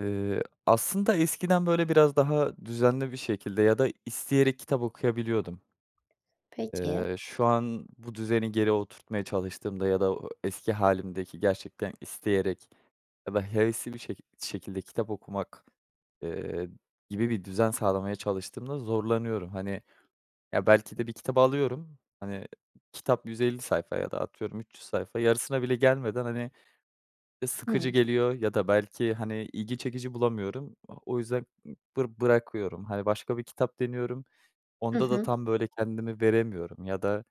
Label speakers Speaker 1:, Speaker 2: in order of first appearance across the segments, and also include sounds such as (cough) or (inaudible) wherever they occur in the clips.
Speaker 1: Eee, aslında eskiden, böyle, biraz daha düzenli bir şekilde ya da isteyerek kitap okuyabiliyordum.
Speaker 2: Peki.
Speaker 1: Eee, şu an bu düzeni geri oturtmaya çalıştığımda ya da o eski hâlimdeki gerçekten isteyerek ya da hevesli bir şekil şekilde kitap okumak, eee, gibi bir düzen sağlamaya çalıştığımda zorlanıyorum. Hani, ya, belki de bir kitabı alıyorum, hani, kitap 150 sayfa ya da atıyorum 300 sayfa, yarısına bile gelmeden, hani, ı sıkıcı
Speaker 2: Hımm.
Speaker 1: geliyor ya da belki, hani, ilgi çekici bulamıyorum. O o yüzden bır bırakıyorum. Hani, başka bir kitap deniyorum.
Speaker 2: Hı
Speaker 1: Onda da
Speaker 2: hı.
Speaker 1: tam, böyle, kendimi veremiyorum ya da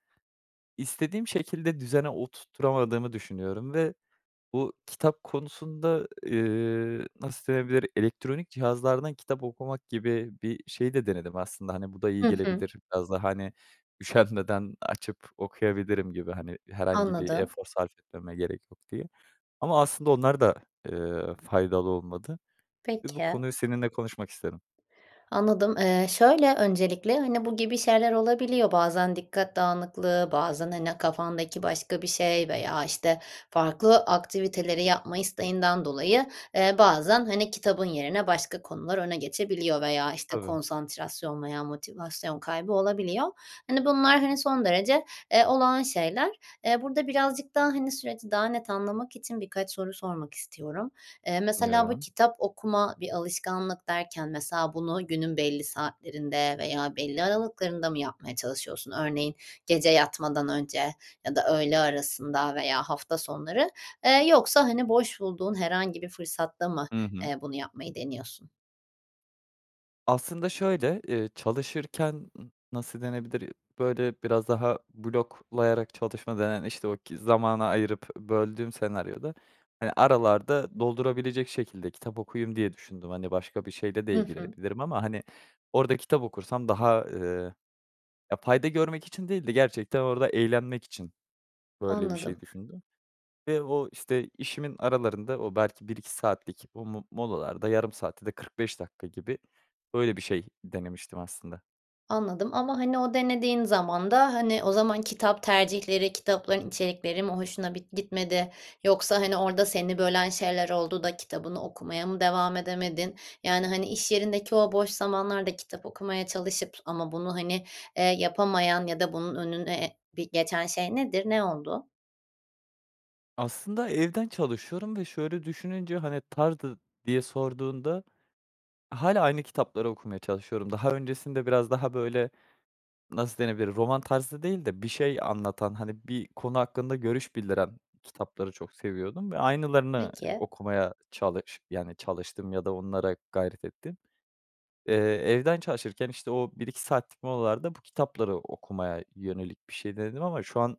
Speaker 1: istediğim şekilde düzene oturtturamadığımı düşünüyorum ve bu kitap konusunda, eee, nasıl denebilir? Elektronik cihazlardan kitap okumak gibi bir şeyi de denedim aslında. Hani, bu da iyi
Speaker 2: Hı hı.
Speaker 1: gelebilir biraz daha, hani, üşenmeden açıp okuyabilirim gibi, hani, herhangi bir
Speaker 2: Anladım.
Speaker 1: efor sarf etmeme gerek yok diye. Ama aslında onlar da, eee, faydalı olmadı ve bu
Speaker 2: Peki.
Speaker 1: konuyu seninle konuşmak istedim.
Speaker 2: Anladım. Eee, şöyle, öncelikle, hani, bu gibi şeyler olabiliyor. Bazen dikkat dağınıklığı, bazen, hani, kafandaki başka bir şey veya, işte, farklı aktiviteleri yapma isteğinden dolayı, eee, bazen, hani, kitabın yerine başka konular öne geçebiliyor veya, işte,
Speaker 1: Tabii.
Speaker 2: konsantrasyon veya motivasyon kaybı olabiliyor. Hani, bunlar, hani, son derece, eee, olağan şeyler. Eee, burada birazcık daha, hani, süreci daha net anlamak için birkaç soru sormak istiyorum. Eee, mesela bu
Speaker 1: Anlıyorum.
Speaker 2: kitap okuma bir alışkanlık derken mesela bunu günün belli saatlerinde veya belli aralıklarında mı yapmaya çalışıyorsun? Örneğin gece yatmadan önce ya da öğle arasında veya hafta sonları? Eee, yoksa, hani, boş bulduğun herhangi bir fırsatta mı,
Speaker 1: I hı.
Speaker 2: eee, bunu yapmayı deniyorsun?
Speaker 1: Aslında, şöyle, eee, çalışırken nasıl denebilir? Böyle, biraz daha bloklayarak çalışma denen, işte, o ki zamana ayırıp, böldüğüm senaryoda. Hani, aralarda doldurabilecek şekilde kitap okuyayım diye düşündüm. Hani, başka bir şeyle de
Speaker 2: Hı hı.
Speaker 1: ilgilenebilirim ama, hani, orada kitap okursam daha, ııı, ya, fayda görmek için değil de gerçekten orada eğlenmek için böyle bir şey
Speaker 2: Anladım.
Speaker 1: düşündüm ve o, işte, işimin aralarında o belki 1-2 saatlik o mo molalarda yarım saat ya da 45 dakika gibi, öyle, bir şey denemiştim aslında.
Speaker 2: Anladım ama, hani, o denediğin zaman da, hani, o zaman kitap tercihleri, kitapların içerikleri mi hoşuna bit gitmedi yoksa, hani, orada seni bölen şeyler oldu da kitabını okumaya mı devam edemedin? Yani, hani, iş yerindeki o boş zamanlarda kitap okumaya çalışıp ama bunu, hani, eee, yapamayan ya da bunun önüne bi geçen şey nedir, ne oldu?
Speaker 1: Aslında, evden çalışıyorum ve şöyle düşününce, hani, tarzı diye sorduğunda, hâlâ aynı kitapları okumaya çalışıyorum. Daha öncesinde, biraz daha, böyle, nasıl denebilir, roman tarzı değil de bir şey anlatan, hani, bir konu hakkında görüş bildiren kitapları çok seviyordum ve aynılarını
Speaker 2: Peki.
Speaker 1: okumaya çalış yani, çalıştım ya da onlara gayret ettim. Eee, evden çalışırken, işte, o 1-2 saatlik molalarda bu kitapları okumaya yönelik bir şey denedim. Ama şu an,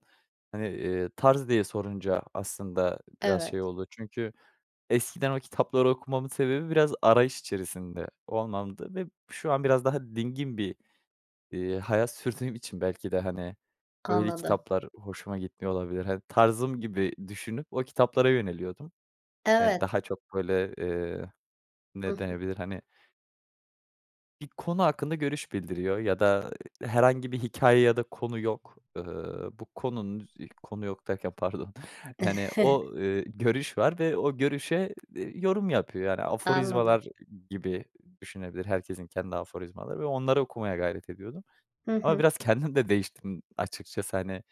Speaker 1: hani, eee, tarz diye sorunca aslında biraz
Speaker 2: Evet.
Speaker 1: şey oldu. Çünkü eskiden o kitapları okumamın sebebi biraz arayış içerisinde olmamdı. Ve şu an biraz daha dingin bir, iii, hayat sürdüğüm için belki de, hani, öyle
Speaker 2: Anladım.
Speaker 1: kitaplar hoşuma gitmiyor olabilir. Hani, tarzım gibi düşünüp o kitaplara yöneliyordum. Eee,
Speaker 2: Evet.
Speaker 1: daha çok, böyle, eee,
Speaker 2: Hı
Speaker 1: ne
Speaker 2: hı.
Speaker 1: denebilir, hani bir konu hakkında görüş bildiriyor ya da herhangi bir hikâye ya da konu yok. Eee, bu konunun, konu yok derken, (chuckles) pardon, yani, o,
Speaker 2: (chuckles)
Speaker 1: eee, görüş var ve o görüşe, eee, yorum yapıyor. Yani,
Speaker 2: Anladım.
Speaker 1: aforizmalar gibi düşünebilir, herkesin kendi aforizmaları var, onları okumaya gayret ediyordum
Speaker 2: Hı
Speaker 1: ama
Speaker 2: hı.
Speaker 1: biraz kendim de değiştim, açıkçası. Hani,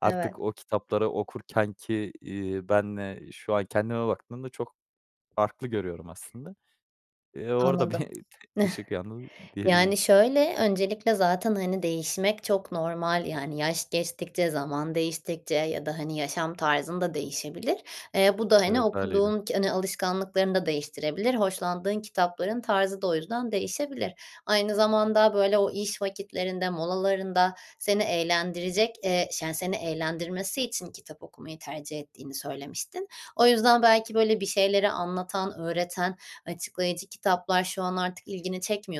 Speaker 1: artık
Speaker 2: Evet.
Speaker 1: o kitapları okurken ki, iii, benle şu an kendime baktığımda çok farklı görüyorum aslında. Eee, orada bir
Speaker 2: Anladım, (chuckles)
Speaker 1: ışık yandı, diyebilirim.
Speaker 2: yani, şöyle, öncelikle, zaten, hani, değişmek çok normal, yani, yaş geçtikçe, zaman değiştikçe ya da, hani, yaşam tarzın da değişebilir. Eee, bu da, hani,
Speaker 1: Evet, hâliyle.
Speaker 2: okuduğun ki hani, alışkanlıklarını da değiştirebilir. Hoşlandığın kitapların tarzı da o yüzden değişebilir. Aynı zamanda, böyle, o iş vakitlerinde, molalarında seni eğlendirecek, eee, şa seni eğlendirmesi için kitap okumayı tercih ettiğini söylemiştin. O yüzden, belki, böyle bir şeyleri anlatan, öğreten, açıklayıcı kitaplar şu an artık ilgini çekmiyorsa,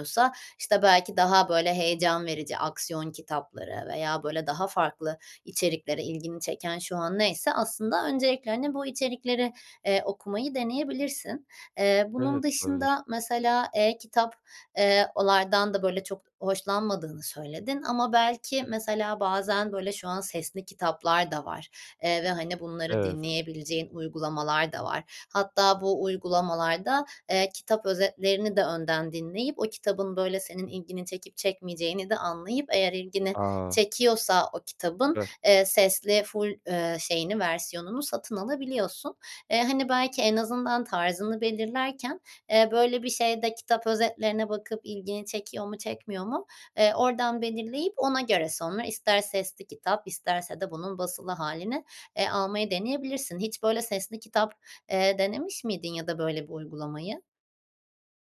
Speaker 2: işte, belki daha, böyle, heyecan verici aksiyon kitapları veya, böyle, daha farklı içeriklere ilgini çeken, şu an neyse, aslında öncelikle, hani, bu içerikleri, eee, okumayı deneyebilirsin. Eee, bunun
Speaker 1: Evet, olabilir.
Speaker 2: dışında, mesela, e-kitap, eee, onlardan da, böyle, çok hoşlanmadığını söyledin ama, belki, mesela, bazen, böyle, şu an sesli kitaplar da var, eee, ve, hani, bunları
Speaker 1: Evet.
Speaker 2: dinleyebileceğin uygulamalar da var. Hatta, bu uygulamalarda, eee, kitap özetlerini de önden dinleyip o kitabın, böyle, senin ilgini çekip çekmeyeceğini de anlayıp eğer ilgini
Speaker 1: A!
Speaker 2: çekiyorsa o kitabın,
Speaker 1: Süper.
Speaker 2: eee, sesli ful eee, şeyini, versiyonunu satın alabiliyorsun. Eee, hani, belki en azından tarzını belirlerken, eee, böyle bir şeyde kitap özetlerine bakıp ilgini çekiyor mu, çekmiyor mu, eee, oradan belirleyip ona göre sonra ister sesli kitap isterse de bunun basılı hâlini, eee, almayı deneyebilirsin. Hiç, böyle, sesli kitap, eee, denemiş miydin ya da böyle bir uygulamayı?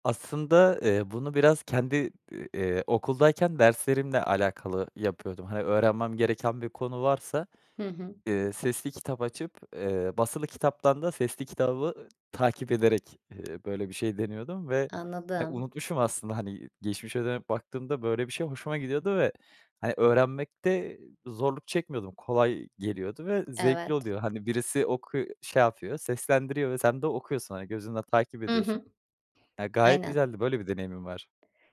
Speaker 1: Aslında, eee, bunu biraz kendi, iii, eee, okuldayken derslerimle alakalı yapıyordum. Hani, öğrenmem gereken bir konu varsa,
Speaker 2: Hı hı.
Speaker 1: ııı, sesli kitap açıp, eee, basılı kitaptan da sesli kitabı takip ederek, ııı, böyle bir şey deniyordum ve, eee,
Speaker 2: Anladım.
Speaker 1: unutmuşum aslında. Hani, geçmişe dönüp baktığımda böyle bir şey hoşuma gidiyordu ve, hani, öğrenmekte zorluk çekmiyordum. Kolay geliyordu ve zevkli
Speaker 2: Evet.
Speaker 1: oluyor. Hani, birisi oku şey yapıyor, seslendiriyor ve sen de okuyorsun. Hani, gözünle takip
Speaker 2: Hı
Speaker 1: ediyorsun.
Speaker 2: hı,
Speaker 1: Ya, gayet
Speaker 2: aynen.
Speaker 1: güzeldi, böyle bir deneyimin var.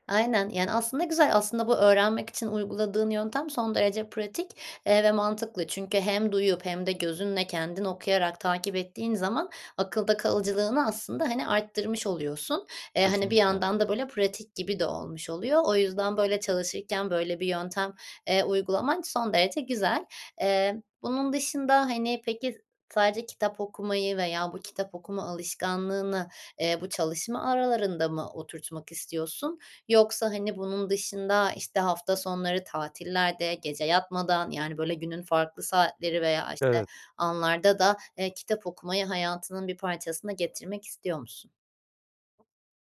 Speaker 2: Aynen, yani, aslında güzel. Aslında, bu öğrenmek için uyguladığın yöntem son derece pratik, eee, ve mantıklı çünkü hem duyup hem de gözünle kendin okuyarak takip ettiğin zaman akılda kalıcılığını aslında, hani, arttırmış oluyorsun. Eee, hani, bir
Speaker 1: Kesinlikle.
Speaker 2: yandan da, böyle, pratik gibi de olmuş oluyor. O yüzden, böyle, çalışırken böyle bir yöntem, eee, uygulaman son derece güzel. Eee, bunun dışında, hani, peki, sadece kitap okumayı veya bu kitap okuma alışkanlığını, eee, bu çalışma aralarında mı oturtmak istiyorsun yoksa, hani, bunun dışında, işte, hafta sonları, tatillerde, gece yatmadan, yani, böyle, günün farklı saatleri veya, işte,
Speaker 1: Evet.
Speaker 2: anlarda da, eee, kitap okumayı hayatının bir parçasına getirmek istiyor musun?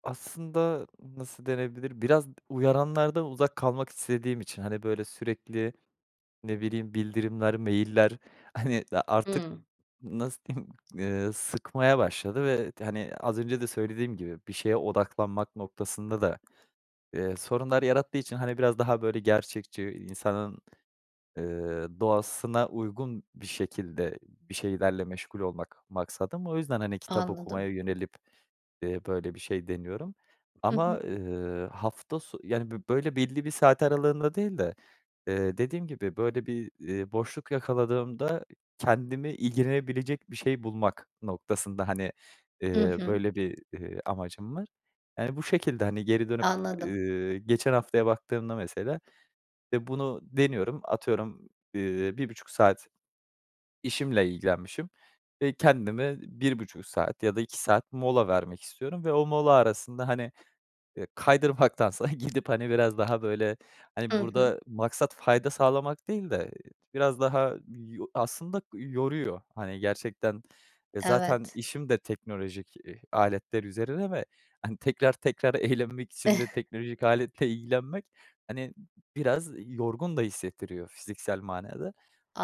Speaker 1: Aslında nasıl denebilir? Biraz d uyaranlardan uzak kalmak istediğim için. Hani, böyle, sürekli ne bileyim bildirimler, mail'ler, hani, a artık
Speaker 2: Hımm.
Speaker 1: n nasıl diyeyim, ııı, sıkmaya başladı ve t hani, az önce de söylediğim gibi bir şeye odaklanmak noktasında da, eee, sorunlar yarattığı için, hani, biraz daha, böyle, gerçekçi insanın, ııı, doğasına uygun bir şekilde, bir şeylerle meşgul olmak maksadım. O yüzden, hani, kitap
Speaker 2: Anladım.
Speaker 1: okumaya yönelip, eee, böyle bir şey deniyorum
Speaker 2: Hı
Speaker 1: ama,
Speaker 2: hı.
Speaker 1: ııı, hafta so yani, bi böyle, belli bir saat aralığında değil de, eee, dediğim gibi, böyle, bir, iii, boşluk yakaladığımda kendimi ilgilenebilecek bir şey bulmak noktasında, hani,
Speaker 2: Hı
Speaker 1: ııı,
Speaker 2: hı.
Speaker 1: böyle bir, ııı, amacım var. Yani, bu şekilde hani geri dönüp,
Speaker 2: Anladım.
Speaker 1: ııı, geçen haftaya baktığımda mesela, e, bunu deniyorum. Atıyorum, ııı, 1.30 saat işimle ilgilenmişim, e, kendime 1.30 saat ya da 2 saat mola vermek istiyorum ve o mola arasında, hani, eee, kaydırmaktansa (chuckles) gidip, hani, biraz daha, böyle,
Speaker 2: Hı
Speaker 1: hani,
Speaker 2: hı.
Speaker 1: burada maksat fayda sağlamak değil de biraz daha yo aslında yoruyor. Hani, gerçekten, e, zaten
Speaker 2: Evet.
Speaker 1: işim de teknolojik i aletler üzerine ve, hani, tekrar tekrar eğlenmek için de
Speaker 2: (chuckles)
Speaker 1: teknolojik aletle ilgilenmek, hani, b biraz yorgun da hissettiriyor fiziksel manada.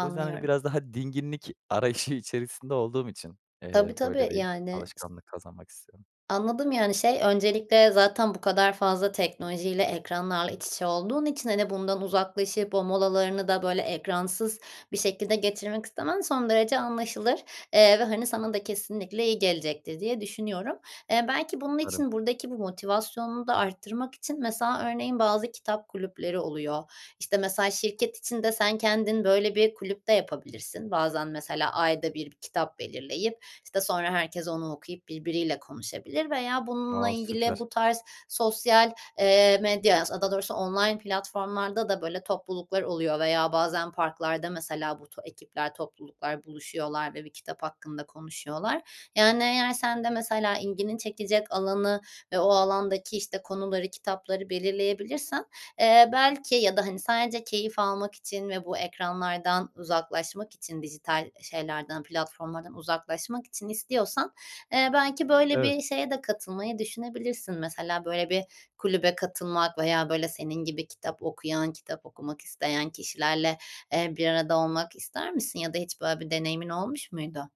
Speaker 1: O yüzden, hani, biraz daha dinginlik arayışı içerisinde olduğum için, eee,
Speaker 2: Tabii
Speaker 1: böyle
Speaker 2: tabii.
Speaker 1: bir
Speaker 2: Yani
Speaker 1: alışkanlık kazanmak istiyorum.
Speaker 2: Anladım, yani, şey öncelikle zaten bu kadar fazla teknolojiyle ekranlarla iç içe olduğun için, hani, bundan uzaklaşıp o molalarını da, böyle, ekransız bir şekilde geçirmek istemen son derece anlaşılır, eee, ve, hani, sana da kesinlikle iyi gelecektir diye düşünüyorum. Eee, belki bunun
Speaker 1: Umarım.
Speaker 2: için buradaki bu motivasyonunu da arttırmak için mesela örneğin bazı kitap kulüpleri oluyor. İşte, mesela şirket içinde sen kendin, böyle, bir kulüp de yapabilirsin. Bazen mesela ayda 1, bir kitap belirleyip, işte, sonra herkes onu okuyup birbiriyle konuşabilir veya bununla
Speaker 1: A,
Speaker 2: ilgili
Speaker 1: süper!
Speaker 2: bu tarz sosyal, eee, medyaya, as a, daha doğrusu online platformlarda da, böyle, topluluklar oluyor veya bazen parklarda mesela bu to ekipler, topluluklar buluşuyorlar ve bir kitap hakkında konuşuyorlar. Yani, eğer sen de mesela ilgini çekecek alanı ve o alandaki, işte, konuları, kitapları belirleyebilirsen, eee, belki ya da, hani, sadece keyif almak için ve bu ekranlardan uzaklaşmak için dijital, eee, şeylerden, platformlardan uzaklaşmak için istiyorsan, eee, belki böyle
Speaker 1: Evet.
Speaker 2: bir şeye de katılmayı düşünebilirsin. Mesela böyle bir kulübe katılmak veya böyle senin gibi kitap okuyan, kitap okumak isteyen kişilerle, eee, bir arada olmak ister misin ya da hiç böyle bir deneyimin olmuş muydu?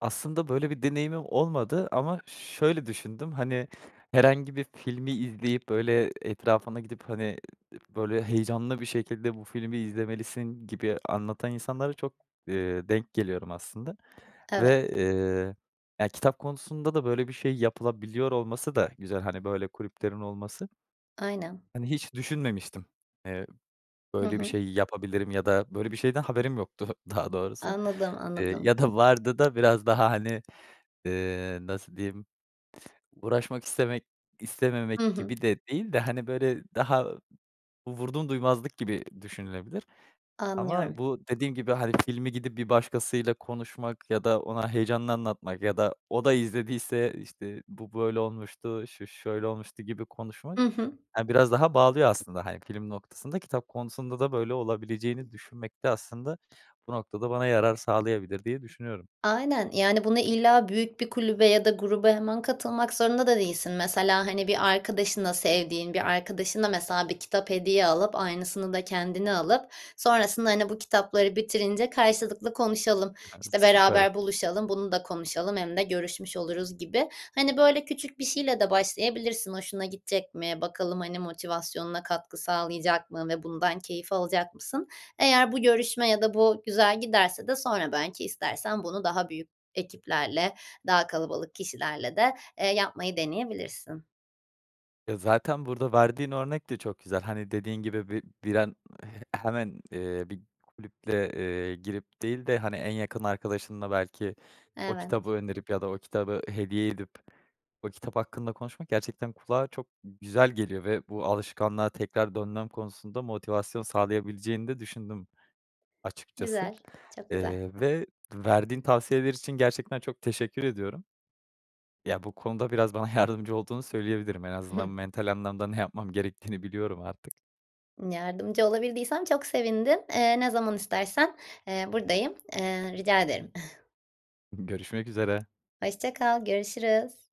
Speaker 1: Aslında böyle bir deneyimim olmadı ama şöyle düşündüm, hani, herhangi bir filmi izleyip, böyle, etrafına gidip, hani, e, böyle, heyecanlı bir şekilde bu filmi izlemelisin gibi anlatan insanlara çok, eee, denk geliyorum aslında
Speaker 2: Evet.
Speaker 1: ve, eee, ya, kitap konusunda da böyle bir şey yapılabiliyor olması da güzel. Hani, böyle kulüplerin olması.
Speaker 2: Aynen.
Speaker 1: Hani, hiç düşünmemiştim, eee,
Speaker 2: Hı
Speaker 1: böyle bir
Speaker 2: hı.
Speaker 1: şey yapabilirim ya da böyle bir şeyden haberim yoktu daha doğrusu.
Speaker 2: Anladım,
Speaker 1: Eee,
Speaker 2: anladım.
Speaker 1: ya da vardı da biraz daha, hani, eee, nasıl diyeyim uğraşmak istemek istememek
Speaker 2: Hı hı.
Speaker 1: gibi de değil de, hani, böyle, daha vurdumduymazlık gibi düşünülebilir. Ama
Speaker 2: Anlıyorum.
Speaker 1: bu dediğin gibi, hani, filmi gidip bir başkasıyla konuşmak ya da ona heyecanını anlatmak ya da o da izlediyse, eee, işte, bu böyle olmuştu, şu şöyle olmuştu gibi konuşmak,
Speaker 2: Hı hı.
Speaker 1: he, biraz daha bağlıyor aslında, hani, film noktasında kitap konusunda da böyle olabileceğini düşünmek de aslında bu noktada bana yarar sağlayabilir diye düşünüyorum.
Speaker 2: Aynen, yani, bunu illa büyük bir kulübe ya da gruba hemen katılmak zorunda da değilsin. Mesela, hani, bir arkadaşına, sevdiğin bir arkadaşına mesela bir kitap hediye alıp, aynısını da kendine alıp sonrasında, hani, bu kitapları bitirince karşılıklı konuşalım.
Speaker 1: (giggles)
Speaker 2: İşte,
Speaker 1: Süper.
Speaker 2: beraber buluşalım, bunu da konuşalım hem de görüşmüş oluruz gibi. Hani, böyle küçük bir şeyle de başlayabilirsin hoşuna gidecek mi, bakalım, hani, motivasyonuna katkı sağlayacak mı ve bundan keyif alacak mısın? Eğer bu görüşme ya da bu güzel giderse de sonra belki istersen bunu daha büyük ekiplerle, daha kalabalık kişilerle de, eee, yapmayı deneyebilirsin.
Speaker 1: E, zaten burada verdiğin örnek de çok güzel. Hani, dediğin gibi bir bir an he hemen, eee, bir kulüple, eee, girip değil de, hani, en yakın arkadaşınla belki o kitabı
Speaker 2: Evet.
Speaker 1: önerip ya da o kitabı hediye edip o kitap hakkında konuşmak gerçekten kulağa çok g güzel geliyor ve bu alışkanlığa tekrar dönmem konusunda motivasyon sağlayabileceğini de düşündüm açıkçası,
Speaker 2: Güzel. Çok güzel.
Speaker 1: eee, ve verdiğin tavsiyeler için gerçekten çok teşekkür ediyorum. Ya, bu konuda biraz bana yardımcı olduğunu söyleyebilirim. En azından
Speaker 2: (giggles)
Speaker 1: mental anlamda ne yapmam gerektiğini biliyorum artık.
Speaker 2: Imm, yardımcı olabildiysem çok sevindim. Eee, ne zaman istersen, eee, buradayım. Eee, rica ederim. (chuckles)
Speaker 1: Görüşmek üzere.
Speaker 2: Hoşça kal. Görüşürüz.